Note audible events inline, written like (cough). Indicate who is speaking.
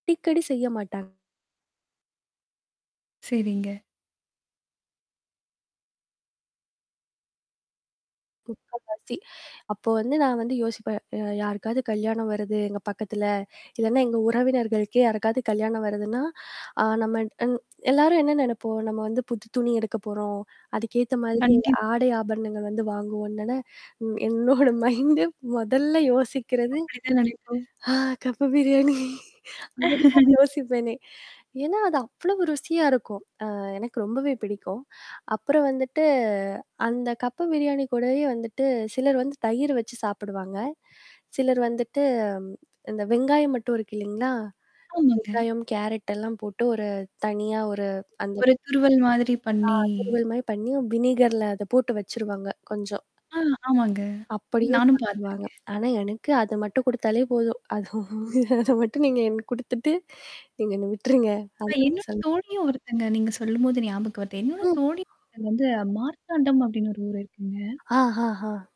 Speaker 1: அடிக்கடி செய்ய மாட்டாங்க
Speaker 2: சரிங்க.
Speaker 1: முக்கால்வாசி அப்போ வந்து நான் வந்து யோசிப்பேன், அ யாருக்காவது கல்யாணம் வருது எங்க பக்கத்தில, இல்லைனா, எங்க உறவினர்களுக்கே யாருக்காவது கல்யாணம் வருதுன்னா, ஆ நம்ம அன் எல்லாரும் என்னா நெனைப்போம்! நம்ம வந்து புது துணி எடுக்க போறோம். அதுக்கேத்த மாதிரி
Speaker 2: கண்டிப்பா.
Speaker 1: ஆடை ஆபரணங்கள் வந்து வாங்குவோன்னு தானே! ம் என்னோட மைண்டு மொதல்ல யோசிக்கிறது
Speaker 2: அப்படி தான் நெனைப்போம்.
Speaker 1: ஆ கப்பு பிரியாணி. அதுதான்
Speaker 2: (laughs)
Speaker 1: யோசிப்பேனே! ஏன்னா அது அவ்ளோ ருசியா இருக்கும். ஆ எனக்கு ரொம்பவே பிடிக்கும். அப்புறம் வந்துட்டு, அந்த கப்பு பிரியாணி கூடவே வந்துட்டு சிலர் வந்து தயிர் வச்சு சாப்பிடுவாங்க. சிலர் வந்துட்டு ம் இந்த வெங்காயம் மட்டும் இருக்கு இல்லைங்களா?
Speaker 2: ஆமாங்க.
Speaker 1: வெங்காயம் கேரட்டல்லாம் போட்டு ஒரு தனியா ஒரு அந்த
Speaker 2: ஒரு துருவல் மாதிரி
Speaker 1: ஆ
Speaker 2: பண்ணீ
Speaker 1: திருவல் மாரி பண்ணீ, வினீகர்ல அத போட்டு வச்சுருவாங்க கொஞ்சம்.
Speaker 2: ஆ ஆமாங்க.
Speaker 1: அப்படியே
Speaker 2: நானும்
Speaker 1: சாப்பிடுவாங்க.
Speaker 2: பாத்துருக்கேன்.
Speaker 1: ஆனா எனக்கு அத மட்டும் குடுத்தாலே போதும். அது அதை மட்டும் நீங்க எனக்கு குடுத்துட்டு, நீங்க என்ன விட்டுருங்க.
Speaker 2: அ
Speaker 1: அந்த மாறி
Speaker 2: என்னோட
Speaker 1: சொல்லுவேன்
Speaker 2: தோழியும் ஒருத்தங்க, நீங்க சொல்லும்போது ஞாபகம் வருது என்னோட
Speaker 1: ம்,
Speaker 2: தோழி ஒருத்தங்க வந்து மார்த்தாண்டம் அப்படின்னு ஒரு ஊர் இருக்குங்க
Speaker 1: ஆ ஹ ஹ.